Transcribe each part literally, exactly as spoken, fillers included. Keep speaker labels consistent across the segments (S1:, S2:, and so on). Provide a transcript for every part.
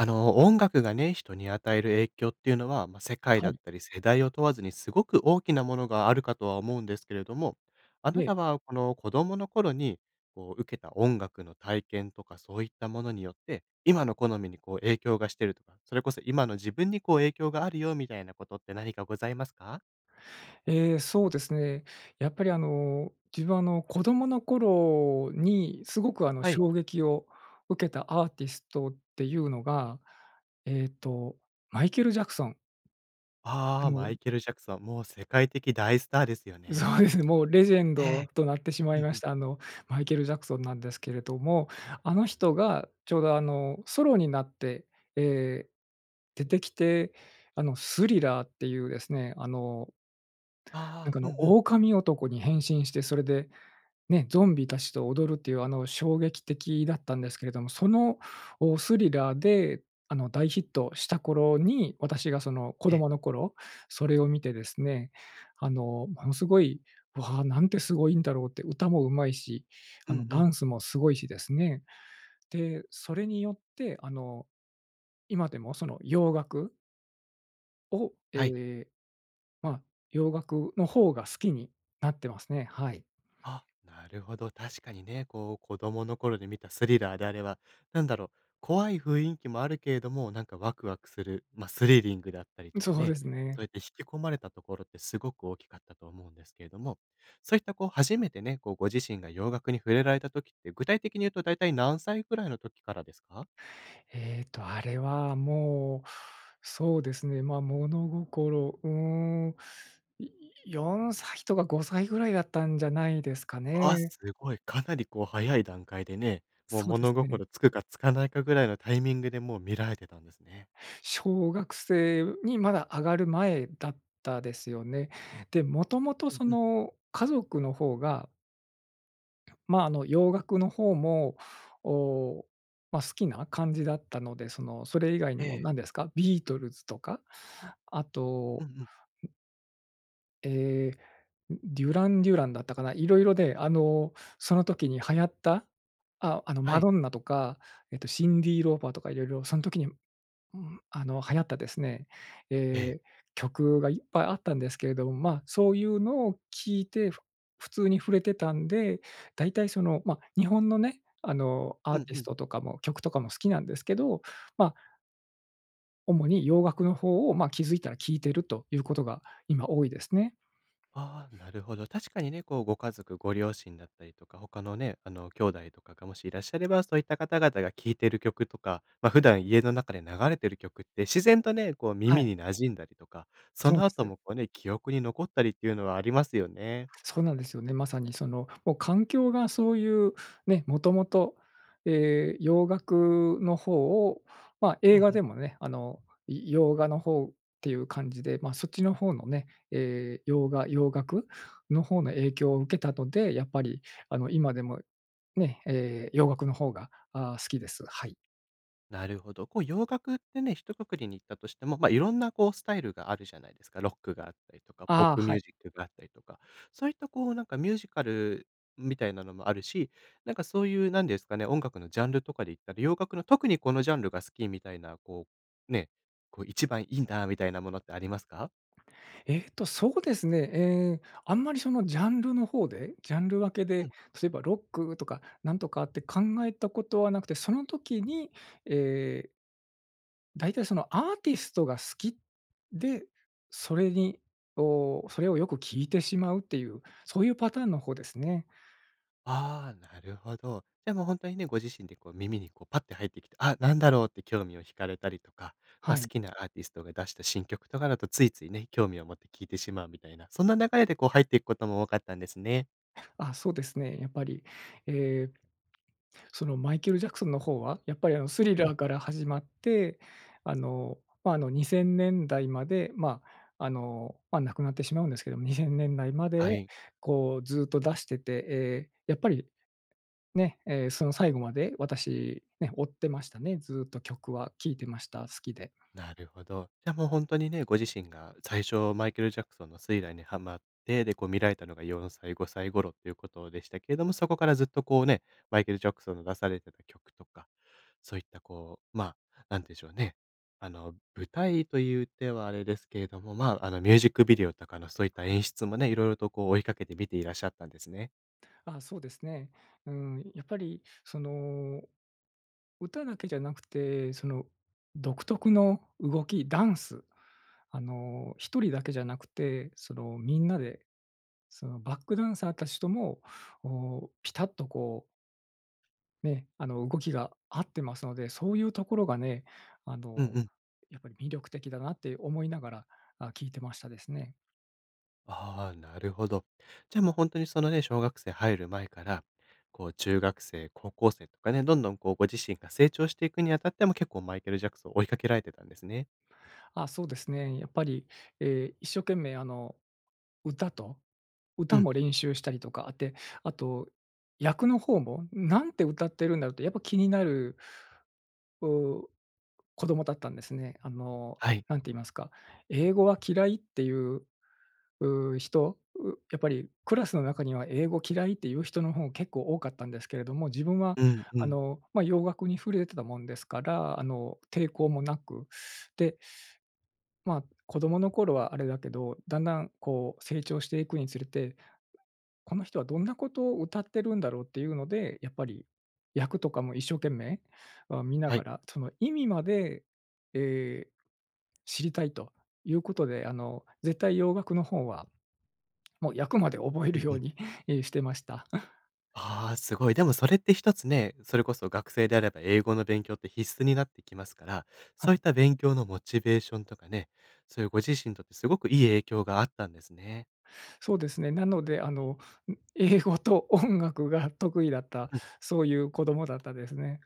S1: あの、音楽がね、人に与える影響っていうのは、ま、世界
S2: は
S1: だっ
S2: い。
S1: たり世代を問わずに、すごく大きなものがあるかとは思うんですけれども、あ
S2: え
S1: な
S2: え。
S1: たは、この子供の頃に、こう受けた音楽の体験とかそういったものによって、今の好みにこう影響がしてるとか、それこそ今の自分にこう影響があるよ、みたいなことって何かございますか？
S2: え、そうですね。やっぱりあの、自分あの、子供の頃にすごく、あの、
S1: はい。
S2: 衝撃を受けたアーティストっていうのが、えっと、マイケル・ジャクソン。あ
S1: ああ、
S2: の
S1: マイケルジャクソン、もう世界的大スターですよね。
S2: そうですね。もうレジェン
S1: え
S2: ド
S1: え。
S2: となってしま
S1: う
S2: い
S1: ん
S2: ま
S1: う
S2: し
S1: ん。
S2: た、あのマイケルジャクソンなんですけれども、あの人が、ちょうど、あの、ソロになって、え、出てきて、あの、スリラーっていうですね、あのなん
S1: ああ
S2: か、
S1: ああ。
S2: あ
S1: う
S2: の、
S1: んうん。
S2: オオカミ男に変身してそれで、ね、ゾンビたちと踊るっていう、あの、衝撃的だったんですけれども。その、おスリラーであの大ヒットした頃に、私がその子
S1: ええ。
S2: 供の頃、それを見てですね、あの、ものすごい「わあ、なんてすごいんだろう」って。歌も上手いし、
S1: う
S2: あ
S1: ん
S2: の
S1: う
S2: ダ
S1: ん。
S2: ンスもすごいしですね。で、それによってあの、今でもその洋楽を、
S1: はい。
S2: ええ、まあ、洋楽の方が好きになってますね。はい。
S1: あ、なるほど。確かにね、こう子供の頃に見たスリラーであれは、なんだろう、怖い雰囲気もあるけれども、なんかワクワクする、ま、スリリングだったりとか
S2: そうで
S1: ね、
S2: す
S1: そ
S2: ね。
S1: うやって引き込まれたところってすごく大きかったと思うんですけれども、そういったこう初めてね、こうご自身が洋楽に触れられた時って、具体的に言うと大体何歳ぐらいの時からですか？
S2: えっと、あれはもう、そうですね、ま、物心うーん、いよんさいとかごさいぐらいだったんじゃないですか
S1: あ、
S2: ね。
S1: すごい、かなりこう早い段階でね、もう
S2: そうで
S1: 物
S2: すね。
S1: 心つくかつかないかぐらいのタイミングでもう見られてたんですね。
S2: 小学生にまだ上がる前だったですよね。で、もともと
S1: うん
S2: そ
S1: うん。
S2: の家族の方がまあ、あの洋楽の方も、おお、ま、好きな感じだったので、そのそれ以外に
S1: え
S2: も
S1: え。
S2: 何ですか、ビートルズとか、あ
S1: う
S2: と、
S1: んうん。
S2: んえ、デュラン・デュランだったかな、色々であの、その時に流行った、あ、あの
S1: は
S2: マ
S1: い。
S2: ドンナとか、えっと、シンディローパーとか色々そん時に、うん、あの、流行ったですね、
S1: ええ。
S2: え、曲がいっぱいあったんですけれども、まあ、そういうのを聞いて、ふ普通に触れてたんで、だいたいその、ま、日本のね、あの、ア
S1: う
S2: ー
S1: ん
S2: ティ
S1: う
S2: ス
S1: ん。
S2: トとかも曲とかも好きなんですけど、まあ主に洋楽の方を、まあ、気付いたら聞いてるということが今多いですね。
S1: ああ、なるほど。確かにね、こうご家族、ご両親だったりとか他のね、あの、兄弟とかがもしいらっしゃれば、そういった方々が聴いてる曲とか、ま、普段家の中で流れてる曲って自然とね、こう
S2: は
S1: 耳
S2: い。
S1: に馴染んだりとか、そ
S2: そう
S1: の
S2: です
S1: 後
S2: ね。
S1: もこうね、記憶に残ったりっていうのはありますよね。
S2: そうなんですよね。まさにその、お、環境がそういうね、もともと、ええ、洋楽の方を、まあ、
S1: う
S2: 映
S1: ん
S2: 画
S1: うん。
S2: でもね、あの、い洋画の方っていう感じで、まあ、そっちの方のね、え、洋画、洋楽の方の影響を受けたとで、やっぱり、あの、今でもね、え、洋楽の方が、ああ、好きです。はい。
S1: なるほど。こう洋楽ってね、ひとくくりに言ったとしても、ま、いろんなこうスタイルがあるじゃないですか。ロックがあったりとか、ポッ
S2: ああ、
S1: プ
S2: は
S1: ミュー
S2: い。
S1: ジックがあったりとか、そういったこう、なんかミュージカルみたいなのもあるし、なんかそういうなんですかね、音楽のジャンルとかで言ったら、洋楽の、特にこのジャンルが好きみたいな、こう、ね、こう一番いんだみたいなものってありますか？
S2: えっとそうですね。え、あんまりそのジャンルの方で、ジャンル分け
S1: う
S2: で、
S1: ん。
S2: 例えばロックとかなんとかって考えたことはなくて、その時にええだいたいそのアーティストが好きで、それにを、それをよく聞いてしまうっていう、そういうパターンの方ですね。
S1: ああ、なるほど。じゃあもうほんとにね、ご自身でこう耳にこうパッて入ってきて、あ、何だろうって興味を引かれたりとか、
S2: は
S1: ま、好
S2: い。
S1: きなアーティストが出した新曲とかだとついついね、興味を持って聞いてしまうみたいな、そんな流れでこう入っていくことも多かったんですね。
S2: あ、そうですね。やっぱり、ええ、そのマイケルジャクソンの方は、やっぱりあのスリ
S1: うん。
S2: ラーから始まって、あの、ま、あの、にせんねんだいまで、ま、あの亡くなってしまうんですけども、にせんねんだいまで
S1: はい。
S2: こうずっと出してて、ええ、やっぱり、ね、ええ、その最後まで私ね、追ってましたね。ずっと曲は聞いてました。好きで。
S1: なるほど。じゃ、もうほんとにね、ご自身が最初マイケルジャクソンのスリラーにはまって、でこう見られたのがよんさい、ごさい頃ということでしたけれども、そこからずっとこうね、マイケルジャクソンの出されてた曲とか、そういった、こう、ま、なんでしょうね、あの舞台とゆってはあれですけれども、まあ、あのミュージックビデオとかのそういった
S2: はい。
S1: 演出もね、色々とこう追いかけて見ていらっしゃったんですね。
S2: あ、そうですね。うーん、やっぱり、その、歌だけじゃなくて、その独特の動き、ダンス。あの、一人だけじゃなくて、その、みんなで。そのバックダンサーたちとも、お、ピタッとこうね、あの動きが合ってますので、そういうところがね、あの、
S1: うんうん。
S2: やっぱり魅力的だなって思いながら、あ、聞いてましたですね。
S1: ああ、なるほど。じゃあ、もうほんとに、そのね、小学生入る前から、こう中学生、高校生とかね、どんどん、こうご自身が成長していくにあたっても、結構マイケル・ジャクソン追いかけられてたんですね。
S2: あ、そうですね。やっぱり、ええ、一生懸命、あの、歌と、
S1: う
S2: 歌
S1: ん。
S2: も練習したりとかあて、あと、役の方も、うん、なんて歌ってるんだろう？ってやっぱ気になる、う、子供だったんですね。あの、
S1: はい。
S2: 何て言いますか、英語は嫌いっていう、う、人？うやっぱりクラスの中には、英語嫌いっていう人の方結構多かったんですけれども、自分は、
S1: うんう
S2: あ
S1: ん。
S2: の、まあ、洋楽に触れてたもんですから、あの、抵抗もなく。でまあ、子供の頃はあれだけど、だんだん、こう、成長していくにつれて「この人はどんなことを歌ってるんだろう？」っていうので、やっぱり、役とかも一生懸命、あ、見な
S1: は
S2: が
S1: い。
S2: ら、その意味まで、ええ、知りたいということで、あの、絶対洋楽の方は、もう役まで覚え
S1: う
S2: る
S1: ん
S2: よ
S1: う
S2: う
S1: ん。
S2: に、え、してました。
S1: あ、すごい。でもそれって一つね、それこそ学生であれば英語の勉強って必須になってきますから、
S2: は
S1: そうい
S2: い。
S1: った勉強のモチベーションとかね、そういうご自身にとってすごくいい影響があったんですね。
S2: そうですね。なのであの、ん、英語と音楽が得意だった、
S1: うん。
S2: そういう子供だったですね。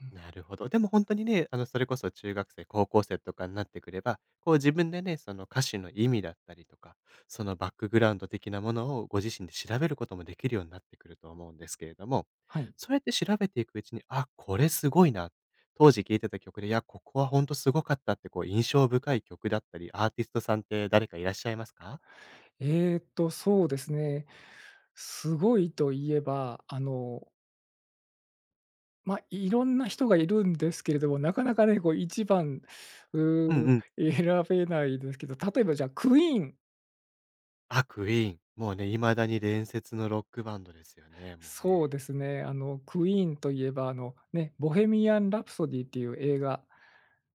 S2: うん。
S1: なるほど。でも本当にね、あの、それこそ中学生、高校生とかになってくれば、こう自分でね、その歌詞の意味だったりとか、そのバックグラウンド的なものをご自身で調べることもできるようになってくると思うんですけれども、
S2: はい。
S1: そうやって調べていくうちに、あ、これすごいな、当時聴いてた曲で。いや、ここは本当すごかったってこう印象深い曲だったり、アーティストさんって誰かいらっしゃいますか？
S2: えっとそうですね。すごいと言えば、あのま、いろんな人がいるんですけれども、なかなかね、こう一番、
S1: うん
S2: うーん、
S1: うん。
S2: 選べないですけど、例えばじゃあ Queen。
S1: あ、Queen、もうね、未だに伝説のロックバンドですよね、もう
S2: そ
S1: ね。
S2: うですね。あの Queen といえばあの、ね、ボヘミアンラプソディっていう映画、あ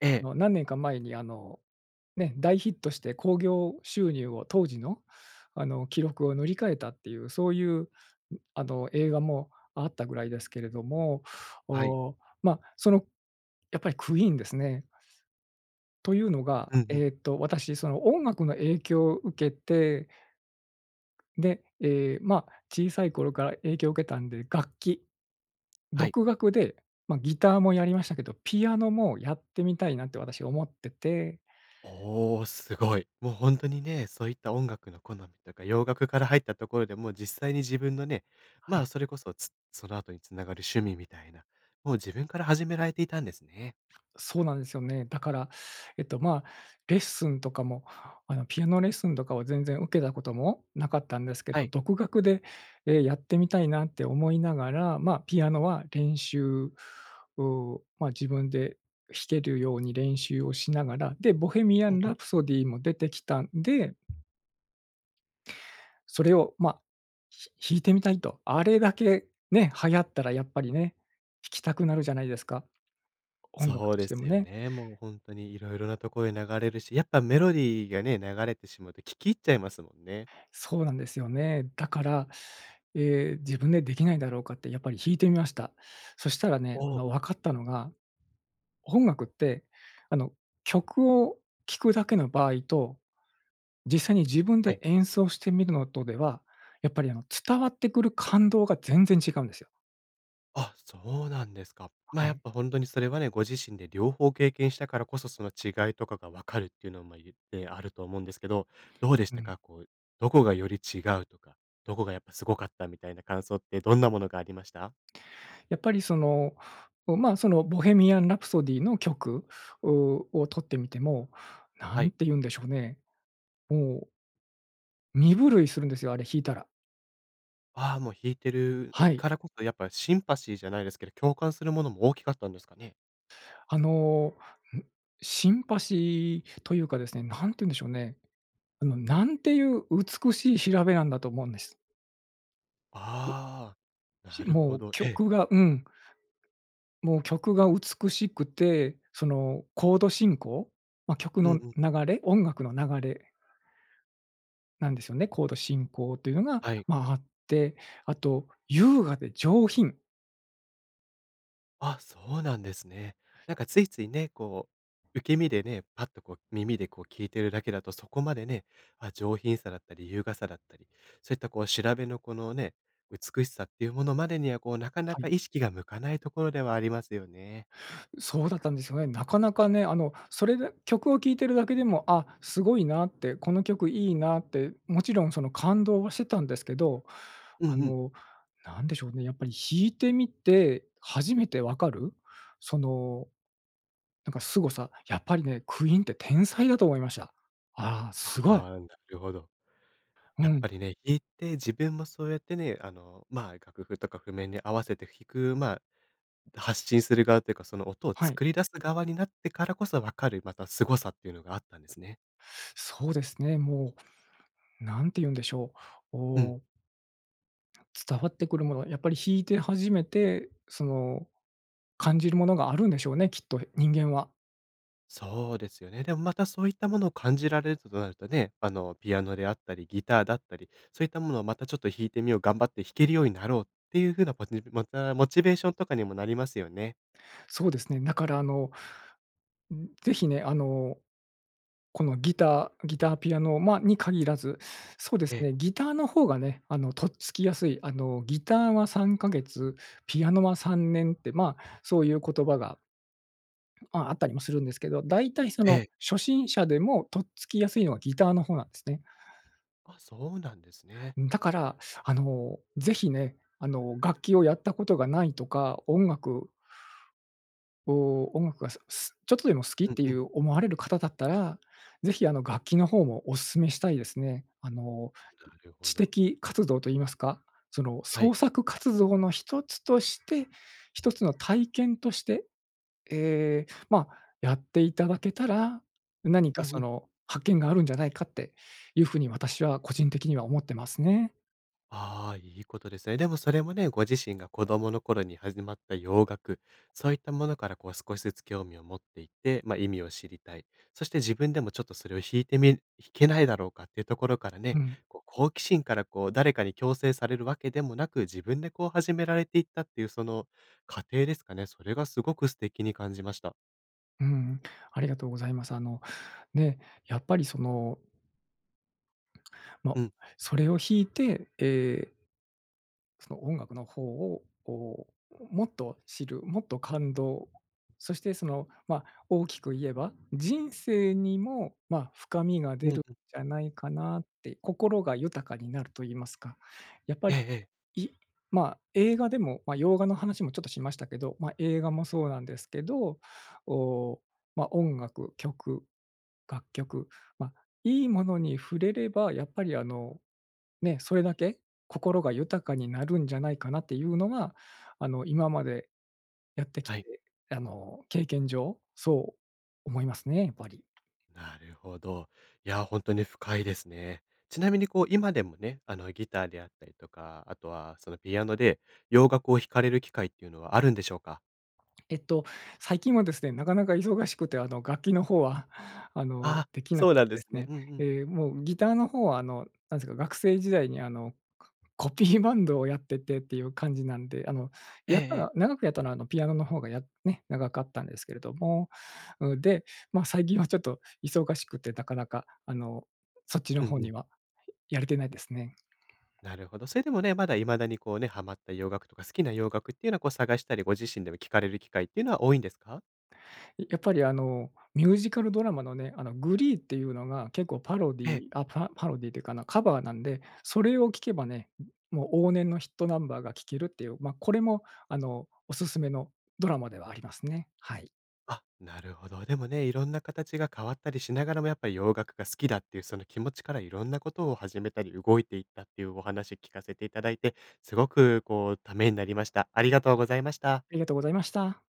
S1: ええ。
S2: の何年か前にあの、ね、大ヒットして興行収入を当時のあの記録を塗り替えたっていう、そういうあの映画もあったぐらいですけれども。
S1: はい。
S2: お、ま、その、やっぱり Queen ですね。というのが、
S1: うんうん。
S2: えっと私その音楽の影響を受けてで、え、ま、小さい頃から影響受けたんで、楽器。
S1: はい。
S2: 独学で、ま、ギターもやりましたけど、ピアノもやってみたいなって私は思ってて。
S1: お、すごい。もう本当にね、そういった音楽の好みとか洋楽から入ったところでも実際に自分のね、
S2: は
S1: ま
S2: い。
S1: あそれこそ、つその後に繋がる趣味みたいな、もう自分から始められていたんですね。
S2: そうなんですよね。だから、えっと、ま、レッスンとかも、あの、ピアノレッスンとかは全然受けたこともなかったんですけ
S1: は
S2: ど、
S1: い。
S2: 独学で、え、やってみたいなって思いながら、ま、ピアノは練習、う、ま、自分で弾けるように練習をしながら。で、ボヘミア
S1: う
S2: ン
S1: んうん。
S2: ラプソディも出てきたんでそれをま、ひ弾いてみたいと。あれだけ、ね、流行ったらやっぱりね、弾きたくなるじゃないですか、音楽
S1: そう
S2: とし
S1: で
S2: ても
S1: すよ
S2: ね。
S1: ね。もうほんとに色々なとこで流れるし、やっぱメロディーがね、流れてしまうと聴き入っちゃいますもんね。
S2: そうなんですよね。だから、ええ、自分でできないだろうかってやっぱり弾いてみました。そしたらね、
S1: お
S2: あ
S1: お。
S2: の、分かったのが、音楽って、あの、曲を聴くだけの場合と、実際に自分
S1: は
S2: で
S1: い。
S2: 演奏してみるのとでは、やっぱりあの、伝わってくる感動が全然違うんですよ。
S1: あ、そうなんですか。
S2: あ、
S1: ま、
S2: は
S1: や
S2: い。
S1: っぱほんとにそれはね、ご自身で両方経験したからこそ、その違いとかが分かるっていうのもゆってあると思うんですけど、どうでし
S2: う
S1: た
S2: ん。
S1: か？こう、どこがより違うとか、どこがやっぱすごかったみたいな感想って、どんなものがありました？
S2: やっぱりその、おまあ、そのボヘミアン・ラプソディーの曲うを取ってみても、
S1: は
S2: 何
S1: い。
S2: て言うんでしょうね。おお身震いするんですよ。あれ、弾いたら。
S1: あ、もう弾いてる
S2: はい。
S1: からこそ、やっぱシンパシーじゃないですけど、共感するものも大きかったんですかね。
S2: あの、んシンパシーというかですね、何てゆんでしょうね。あの、なんていう美しい調べなんだと思うんです。
S1: ああ、
S2: し、
S1: なるほ
S2: もう
S1: ど、ええ。
S2: 曲がうん。もう、曲が美しくて、そのコード進行、ま、曲
S1: うん
S2: の
S1: うん。
S2: 流れ、音楽の流れなんですよね、コード進行というのが、
S1: はい。
S2: ま、あって。あと優雅で上品。
S1: あ、そうなんですね。なんか、ついついね、こう受け身でね、パッとこう耳でこう聞いてるだけだとそこまでね、あ、上品さだったり優雅さだったり、そういったこう調べのこの、ね、美しさっていうものまでには、こうなかな
S2: は
S1: か
S2: い。
S1: 意識が向かないところではありますよね。
S2: そうだったんですよね。なかなかね、あの、それで曲を聴いてるだけでも、あ、すごいなって、この曲いいなって。もちろんその、感動はしてたんですけど。
S1: うん
S2: あ
S1: うん。
S2: の、なんでしょうね、やっぱり弾いてみて初めて分かる？その、なんかすごさ、やっぱりね、Queen って天才だと思いました。ああ、
S1: あ
S2: すごい。
S1: あ、なるほど。や
S2: う
S1: っぱ
S2: ん。
S1: りね、弾いて、自分もそうやってね、あの、まあ、楽譜とか譜面に合わせて弾く、まあ、発信する側というか、その、音を
S2: はい。
S1: 作り出す側になってからこそ分かる、またすごさっていうのがあったんですね。
S2: そうですね。もう、何てゆんでしょう。お
S1: うん。
S2: お。伝わってくるものは、やっぱり弾いて初めて、その、感じるものがあるんでしょうね、きっと人間は。
S1: そうですよね。でもまたそういったものを感じられるとなるとね、あの、ピアノであったりギターだったり、そういったものをまたちょっと弾いてみよう、頑張って弾けるようになろうっていう風な [unintelligible] また、モチベーションとかにもなりますよね。
S2: そうですね。だからあの、ぜひね、あの、このギターギター、ピアノ、ま、に限らず、そうです
S1: ええ。
S2: ね。ギターの方がね、あの、とっつきやすい。あの、ギターはさんかげつ、ピアノはさんねんって、まあ、そういう言葉が、まあ、あったりもするんですけど、大体そ
S1: え
S2: の、
S1: え。
S2: 初心者でもとっつきやすいのは、ギターの方なんですね。
S1: あ、そうなんですね。
S2: うん、だから、あの、是非ね、あの、楽器をやったことがないとか、音楽お音楽が、そう、すちょっとでも好きっ
S1: うん
S2: て
S1: う
S2: い
S1: ん。
S2: う思われる方だったら、ぜひあの楽器の方もおすすめしたいですね。あの、
S1: なるほ
S2: 知
S1: ど。
S2: 的活動と言いますか、その、
S1: はい。
S2: 創作活動の一つとして、一つの体験として、え、ま、やっていただけたら、何
S1: う
S2: か
S1: んう
S2: そ
S1: ん。
S2: の発見があるんじゃないかっていう風に私は個人的には思ってますね。
S1: ああ、いい事ですね。でも、それもね。ご自身が子供の頃に始まった洋楽。そういったものから、こう、少しずつ興味を持っていて。まあ、意味を知りたい。そして自分でも、ちょっと、それを弾いてみ弾けないだろうかというところから
S2: う
S1: ね。
S2: ん。
S1: こう、好奇心から、こう、誰かに強制されるわけでもなく、自分で、こう始められていったっていう、その過程ですかね。それが、すごく素敵に感じました。
S2: うん、ありがとうございます。あの、ね。やっぱり、そのまあ、
S1: うん。
S2: それを弾いて、ええその音楽の方をこう、もっと知るもっと感動、そして、その、まあ、大きく言えば、人生にも、まあ、深みが出
S1: うん
S2: るん
S1: うん。
S2: じゃないかなって、心が豊かになると言いますか。やっぱ
S1: え
S2: り、
S1: えええ。
S2: いまあ、映画でも、まあ、洋画の話もちょっとしましたけど、まあ、映画もそうなんですけど、おお、まあ、音楽、曲、楽曲、まあ、いいものに触れれば、やっぱり、あのね、それだけ、心が豊かになるんじゃないかなっていうのが、あの、今までやってきて、
S1: はい。
S2: あの、経験上、そう思いますね、ばり。
S1: なるほど。いや、ほんとに深いですね。ちなみにこう今でもね、あの、ギターであったりとか、あとはそのピアノで、洋楽を弾かれる機会っていうのはあるんでしょうか？
S2: えっと、最近はですね、なかなか忙しくてあの、楽器の方はあの、
S1: あ、
S2: 出来なく
S1: そうなんで
S2: で
S1: す
S2: す
S1: ね。
S2: ね。
S1: うんうん。
S2: ええ、もうギターの方はあの、何すか、学生時代にあの、ココピーバンドをやっててっていう感じなんで、あの、
S1: ええ
S2: やったの
S1: ええ。
S2: は長くやったのはあの、ピアノの方がやね、長かったんですけれども、うん、で、ま、最近はちょっと忙しくて、なかなかあの、そっちの
S1: うん
S2: 方
S1: う
S2: に
S1: ん。
S2: は [unintelligible] やれてないですね。
S1: なるほど。それでもね、まだ未だにこうね、ハマった洋楽とか好きな洋楽っていうのはこう、探したり、ご自身でも聴かれる機会っていうのは多いんですか？
S2: いやっぱりあの、ミュージカルドラマのね、あの、glee っていうのが結構パロデ
S1: え
S2: ィ
S1: え。
S2: ーあ、パパロディーというか、なカバーなんで、それを聞けばね、もう往年のヒットナンバーが聴けるっていう、ま、これもあの、おすすめのドラマではありますね。はい。
S1: あ、なるほど。でもね、いろんな形が変わったりしながらも、やっぱり洋楽が好きだっていうその気持ちからいろんなことを始めたり、動いていったっていうお話聞かせていただいて、すごくこう、ためになりました。ありがとうございました。
S2: ありがとうございました。